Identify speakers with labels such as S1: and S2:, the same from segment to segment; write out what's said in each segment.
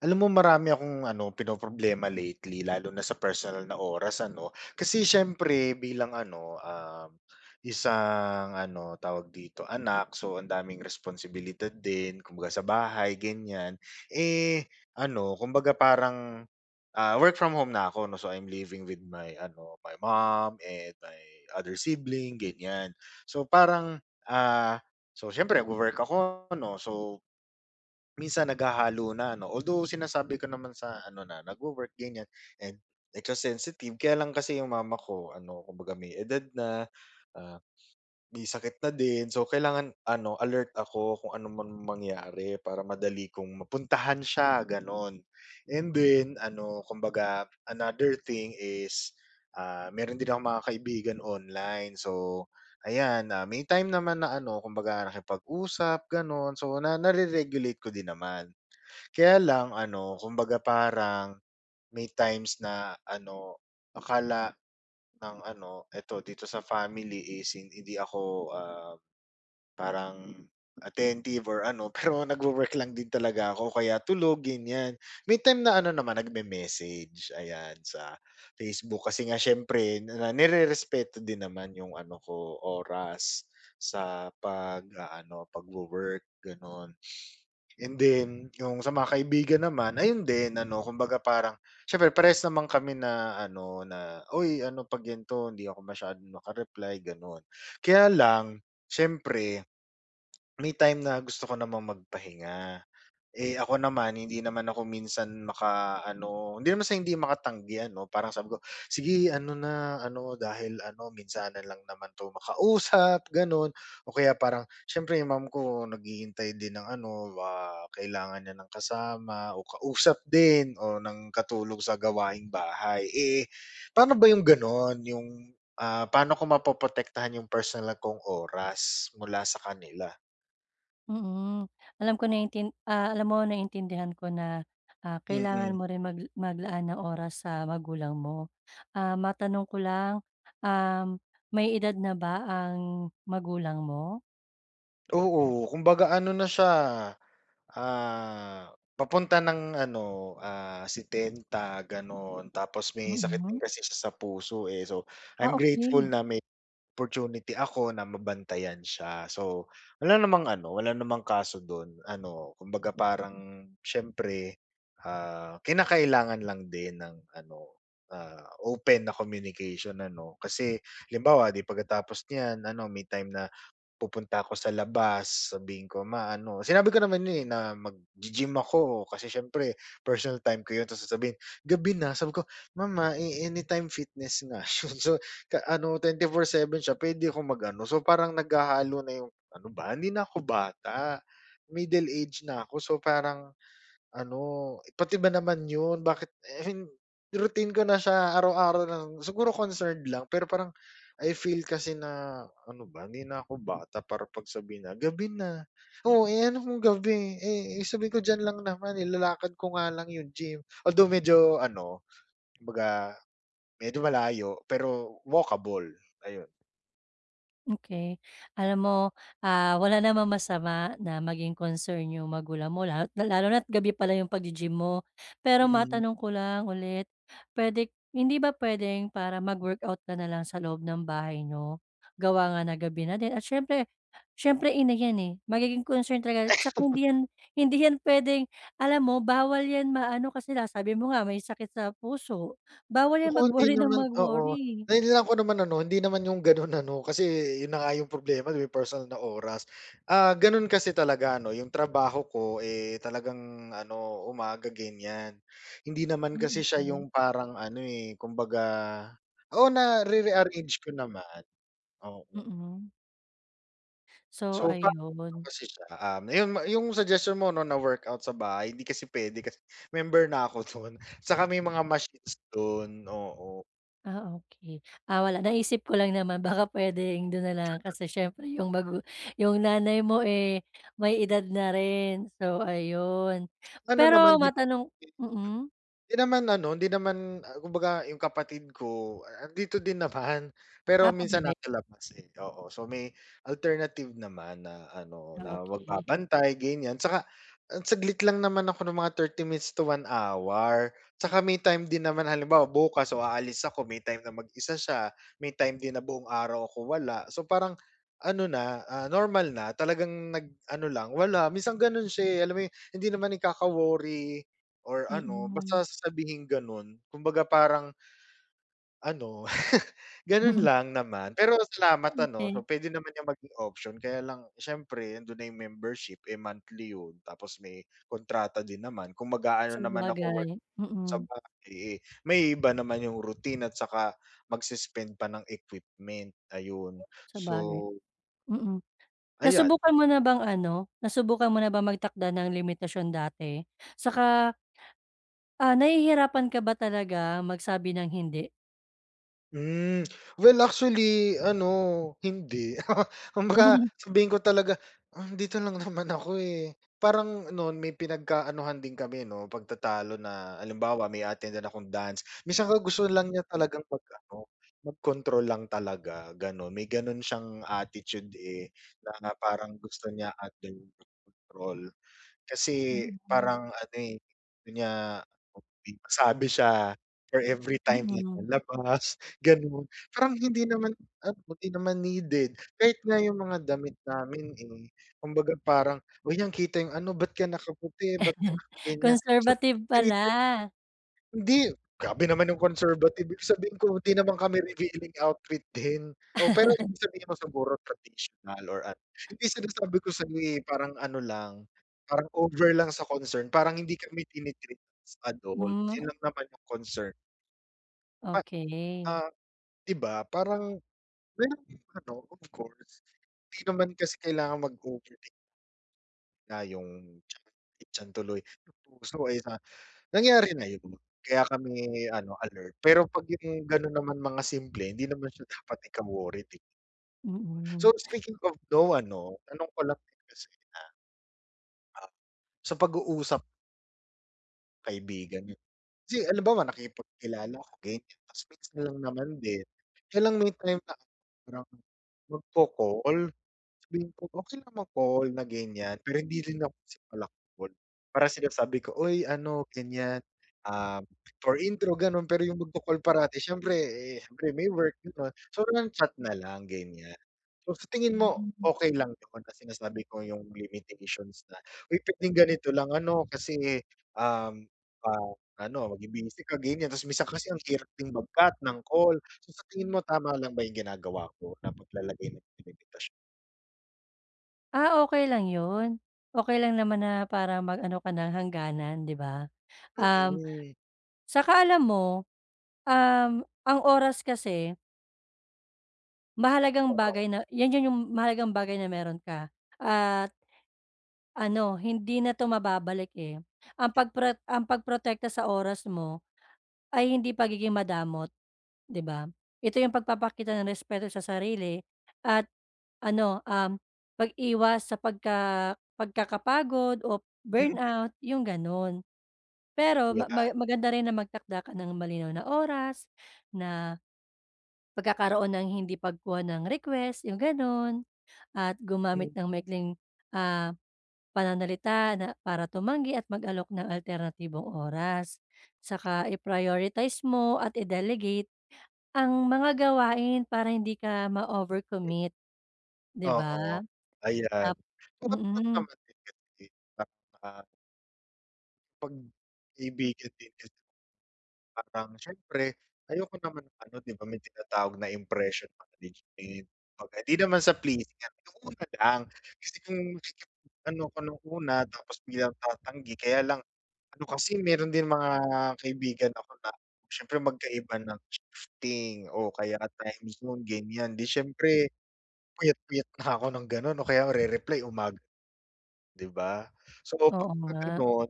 S1: Alam mo marami akong ano, pinoproblema lately lalo na sa personal na oras, ano. Kasi syempre bilang ano, um, isang ano, tawag dito, anak, so ang daming responsibilidad din, kumbaga sa bahay ganyan. Eh, ano, kumbaga parang, ah, work from home na ako 'no, so I'm living with my, ano, my mom and my other sibling ganyan so parang, ah, so siyempre nagwo-work ako 'no, so, minsan naghahalo na 'no. Although, sinasabi ko naman sa ano, na nagwo-work ganyan, and, eh, ka sensitive. Kaya lang kasi yung mama ko ano, kumbaga may edad na, ah, may sakit na din so kailangan ano alert ako kung ano man mangyari para madali kong mapuntahan siya gano'n. And then ano, kumbaga another thing is, ah, meron din akong mga kaibigan online. So, ayan, ah, may time naman na ano kumbaga nakipag-usap gano'n, so, na nare-regulate ko din naman. Kaya lang ano, kumbaga parang may times na ano, akala ng ano, eto dito sa family is in hindi ako, ah, parang attentive or ano, pero nagwo-work lang din talaga ako o kaya tulog, ganyan. May time na ano naman, nag-me-message ayan, sa Facebook kasi nga siyempre na nirerespeto din naman yung ano ko, oras, sa pag-aano, pagwo-work gano'n. And then, yung sa mga kaibigan naman, ayun din ano, kumbaga parang siyempre parehas naman kami na ano na, "Uy ano 'pag ganto hindi ako masyadong maka-reply." gano'n. Kaya lang siyempre, may time na gusto ko namang magpahinga. Eh, ako naman hindi naman ako minsan makaano, hindi naman sa hindi makatanggi, ano, parang sabi ko sige ano na, ano dahil ano minsanan lang naman 'to makausap gano'n o kaya parang siyempre yung mom ko, naghihintay din ng ano, ah, kailangan niya ng kasama, o kausap din, o ng katulong sa gawaing bahay. Eh, pa'no ba yung gano'n, yung, ah, pa'no ko mapoprotektahan yung personal kong oras mula sa kanila?
S2: Mm, alam ko naintin ah, alam mo naintindihan ko na, ah, kailangan
S1: Mm.
S2: mo rin mag maglaan ng oras sa magulang mo. Ah, matanong ko lang, um, may edad na ba ang magulang mo?
S1: Oo, kumbaga ano na siya, ah, papunta ng ano, ah, 70 gano'n tapos may sakit
S2: Mm.
S1: din kasi siya sa puso, eh, so
S2: Ah,
S1: I'm grateful
S2: okey.
S1: na may opportunity ako na mabantayan siya. So wala namang ano, wala namang kaso do'n ano kumbaga parang siyempre, ah, kinakailangan lang din ng ano, ah, open na communication ano. Kasi halimbawa 'di, pagkatapos niyan ano may time na pupunta ako sa labas sasabihin ko, "Ma ano?" Sinabi ko naman 'yun, eh, na mag-gi-gym ako, kasi siyempre personal time ko 'yun tapos sasabihin, "Gabi na." Sabi ko, "Mama, eh, Anytime Fitness nga 'yun so ta ano 24/7 siya puwede ko mag-ano." So parang naghahalo na yung ano ba hindi na ko bata, middle age na ako so parang, ano pati ba naman 'yun, bakit, eh, hin routine ko na siya araw-araw na lang, siguro concerned lang. Pero parang I feel kasi na, ano ba hindi na ako bata para pagsabihan na "Gabi na." "Oo, eh, ano kung gabi?" eh, sabihin ko, "Diyan lang naman nilalakad ko nga lang yung gym." Although medyo ano, kumbaga medyo malayo pero walkable, ayun.
S2: Okey, alam mo, ah, wala namang masama na maging concern 'yong magulang mo, lalo lalo na't gabi pala 'yong pag-gi-gym mo. Pero
S1: Mm.
S2: matanong ko lang ulit, puwede hindi ba puwedeng para mag-workout ka na lang sa loob ng bahay niyo? Gawa nga ng gabi na din at siyempre, siyempre ina yan, eh, magiging concern talaga 'saka hindi 'yan, hindi yan puwedeng alam mo bawal 'yan ma-ano kasi nga sabi mo nga may sakit sa puso, bawal 'yan
S1: Naku, hindi
S2: mag-worry ng
S1: naman oo,
S2: mag-worry.
S1: nailaan ko naman ano hindi naman yung gano'n ano kasi 'yun na nga yung problema, yung personal na oras. Ah, gano'n kasi talaga 'no, yung trabaho ko, eh, talagang ano umaga ganyan, hindi
S2: Ah,
S1: naman kasi siya
S2: okey.
S1: yung parang ano, eh, kumbaga oo, na-re-rearrange ko naman. Oo.
S2: Mm. So,
S1: So pa [unintelligible]
S2: ayun.
S1: kasi siya, um, 'yun yung suggestion mo 'no, na workout sa bahay, hindi kasi puwede kasi member na ako do'n 'saka may mga machines do'n, oo.
S2: Ah, okey. Ah, wala naisip ko lang naman baka puwedeng do'n nalang kasi siyempre yung magu yung nanay mo, eh, may edad na rin so ayun.
S1: Ano
S2: Pero
S1: naman din
S2: matanong mm.
S1: 'di naman ano, hindi naman, ah, kumbaga yung kapatid ko a 'andito din naman pero
S2: Ah, 'pag
S1: minsan
S2: gabi?
S1: nasa labas, eh, oo so may alternative naman na ano,
S2: Ah,
S1: na
S2: okey.
S1: magbabantay ganiyan. 'Tsaka, ah, saglit lang naman ako ng mga 30 minutes to 1 hour, 'tsaka may time din naman halimbawa, bukas o aalis ako may time na mag-isa siya, may time din na buong araw ako wala. So parang ano na, ah, normal na talagang nag-ano lang wala, minsan gano'n siya, eh, alam mo 'yun, eh, hindi naman ikaka-worry or ano
S2: Mm.
S1: basta sasabihing gano'n kumbaga parang ano, gano'n lang naman. Pero salamat ano so
S2: Okey.
S1: puwede naman yang maging option, kaya lang siyempre 'ando'n na yung membership, eh, monthly 'yun, tapos may kontrata din naman, kung mag-aano naman ako
S2: Sabagay,
S1: workout sa
S2: mm.
S1: bahay, eh, maiiba naman yung routine at saka mag suspend pa ng equipment ayun,
S2: Sabagay.
S1: so
S2: Mm.
S1: ayan.
S2: Nasubukan mo na bang ano, nasubukan mo na bang magtakda ng limitasyon dati 'saka ah, nahihirapan ka ba talaga magsabi ng hindi?
S1: Hmm, well actually ano, hindi. Kumbaga
S2: Hmm.
S1: sabihin ko talaga, "Um, dito lang naman ako eh." Parang nun may pinagka-anuhan din kami 'no, pagtatalo na halimbawa may a-attendan din akong dance, minsan nga gusto lang niya talagang mag ano, mag-control lang talaga, ganon, may ganun siyang attitude eh, na parang gusto niya at [unintelligible] control. Kasi
S2: Mm, hmm.
S1: parang ano eh, sabi niya, [unintelligible] masabi siya or every time like
S2: Mm.
S1: lalabas ganon. Parang hindi naman ano, hindi naman needed, kahit nga yung mga damit namin eh, kumbaga parang, "Huy, nakikita yung ano, ba't ka nakaputi, ba't ka naka-ganyan" So,
S2: Conservative
S1: [unintelligible]
S2: pala.
S1: hindi! Grabe naman yung conservative, ibig sabihin ko hindi naman kami revealing outfit din. Oo, pero ibig sabihin mo siguro traditional or ano, yun din sinasabi ko sayo eh, parang ano lang, parang over lang sa concern, parang hindi kami tini-treat as adult,
S2: Hmm.
S1: yun lang naman yung concern. A
S2: Okey.
S1: ah. 'Di ba parang meron din of course, 'di naman kasi kailangan mag-overate. Ah, 'yung tiyan, ay tiyan tuloy, 'yung puso eh no. Nangyari na 'yun, kaya kami ano, alert. Pero 'pag 'yung ganun naman mga simple, hindi naman siya dapat ika-worried 'di so
S2: Mm.
S1: speaking of no ano, tanong ko lang kasi, ah Ah, sa pag-uusap Kaibigan 'yun. Kasi halimbawa, nakipagkilala ko ganyan, 'tas minsan lang naman din. Kaya lang may time na ano magko-call, sabihin ko okey lang mag call na ganyan, pero hindi rin ako pala-call, para sinasabi ko, "Uy ano ganyan, ah" for intro ganon, pero yung magko-call parati, syempre eh, syempre may work ganun, so nang-chat nalang, ganyan. So, sa tingin
S2: Hmm,
S1: mo
S2: mm.
S1: okey lang 'yun kasi nga sabi ko 'yung limitations na, "Uy pwedeng ganito lang ano, kasi, um, ah, ano mabi-busy ka," ganyan. Ta's minsan kasi ang hirap din mag-cut ng call. So sa tingin mo tama lang ba 'yung ginagawa ko na paglalagay ng limitasyon?
S2: Ah, okey lang ,yun. Okey lang naman na para mag-ano ka ng hangganan 'di ba? Um,
S1: Mm.
S2: 'tsaka alam mo, um, ang oras kasi Mahalagang
S1: Oo.
S2: bagay na 'yan yun yung mahalagang bagay na meron ka at ano hindi na 'to mababalik eh, ang pagpro ang pagprotekta sa oras mo, ay hindi pagiging madamot, 'di ba? Ito yung pagpapakita ng respeto sa sarili at ano, um, pag-iwas sa pagka pagkakapagod o
S1: Mm.
S2: burnout, yung ganun. Pero
S1: Di
S2: ma
S1: ba?
S2: ma maganda rin na magtakda ka ng malinaw na oras na pagkakaroon ng hindi pagkuha ng request yung ganun, at
S1: Hmm.
S2: gumamit ng maikling, ah, pananalita na para tumanggi at mag-alok ng alternatibong oras. 'Tsaka i-prioritize mo at i-delegate ang mga gawain para hindi ka ma-overcommit, 'di ba?
S1: Oo ayan,
S2: Ap
S1: kung ano lang
S2: mm.
S1: naman din 'yan, eh. [unintelligible] 'Pag kaibigan din kasi. Parang syempre, ayoko naman ano 'di ba, may tinatawag na impression management, kumbaga, hindi naman sa pleasing, nung una lang kasi kung ano ko nung una, tapos biglang tatanggi, kaya lang ano kasi, meron din mga kaibigan ako na syempre magkaiba ng shifting o kaya timezone ganyan 'di syempre, puyat puyat pa 'ko ng ganon 'no, kaya re-reply umag 'di ba? So, kapag
S2: Oo
S1: ka
S2: nga.
S1: ganun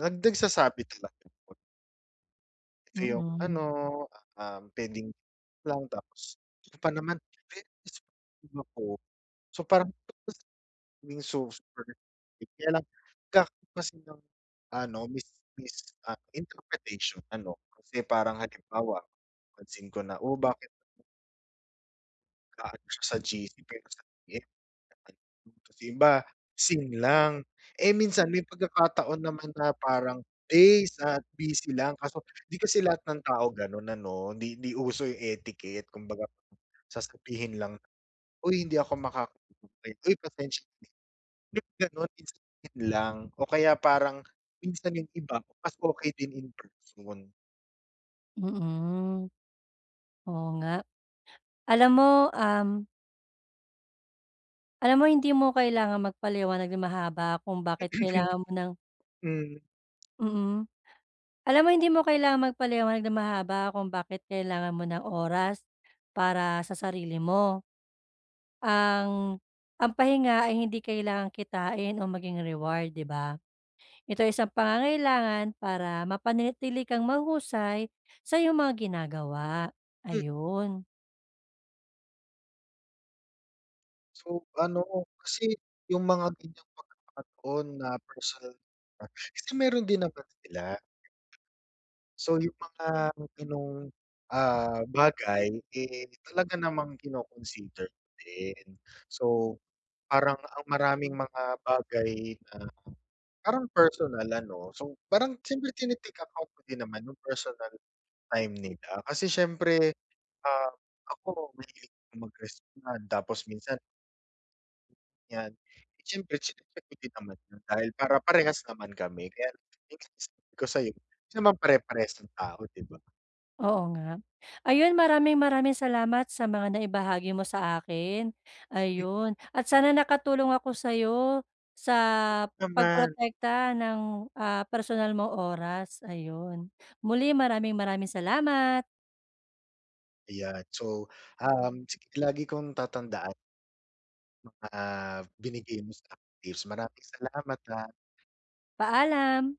S1: nag nagsasabi talaga ako. Yung ano,
S2: Mm.
S1: ah, pwedeng [unintelligible] tapos hindi pa naman [unintelligible] so parang hindi yung [unintelligible] kaya lang, [unintelligible] kasi ng ano mis mis ah, interpretation, ano kasi parang halimbawa pansin ko na, o bakit Maano sya sa GC pero [unintelligible] yung iba, seen lang, eh minsan may pagkakataon naman na parang days at busy lang, kaso 'di kasi lahat ng tao ganon ano, di di uso yung etiquette, kumbaga sasabihin lang, "Uy hindi ako makaka-attend, uy pasensya na." [unintelligible] ganun sasabihin lang o kaya parang minsan yung iba, mas okey din in person.
S2: Mm. Oo nga, alam mo, um. Alam mo hindi mo kailangang magpaliwanag ng mahaba kung bakit kailangan mo ng
S1: Mhm.
S2: Mm. Alam mo hindi mo kailangang magpaliwanag ng mahaba kung bakit kailangan mo ng oras para sa sarili mo. Ang ang pahinga ay hindi kailangang kitain o maging reward 'di ba? Ito ay isang pangangailangan para mapanatili kang mahuhusay sa iyong mga ginagawa,
S1: Hmm.
S2: ayun.
S1: So ano, kasi yung mga ganiyang pagkakataon na personal approach kasi mayro'n din naman sila. So yung mga ganong, ah, bagay, eh, talaga namang kino-consider din. So parang ang maraming mga bagay na, parang personal ano so parang siyempre tine-take account ko din naman yung personal time nila kasi siyempre, ah, ako mahilig mag-respond tapos minsan Yan, eh, siyempre chine-check ko din naman 'yun dahil para parehas naman kami, kaya ang sinasabi ko sayo 'di naman pare-parehas ang tao 'di ba?
S2: Oo nga, ayun maraming, maraming salamat sa mga naibahagi mo sa akin,
S1: Eh
S2: ayun at sana nakatulong ako sa'yo, sa
S1: Naman.
S2: pagprotekta ng, ah, personal mo oras ayun. Muli, maraming, maraming salamat.
S1: Ayan, so, um, sige lagi kong tatandaan mga binigay mo sa aking tips, maraming salamat, ha.
S2: Paalam.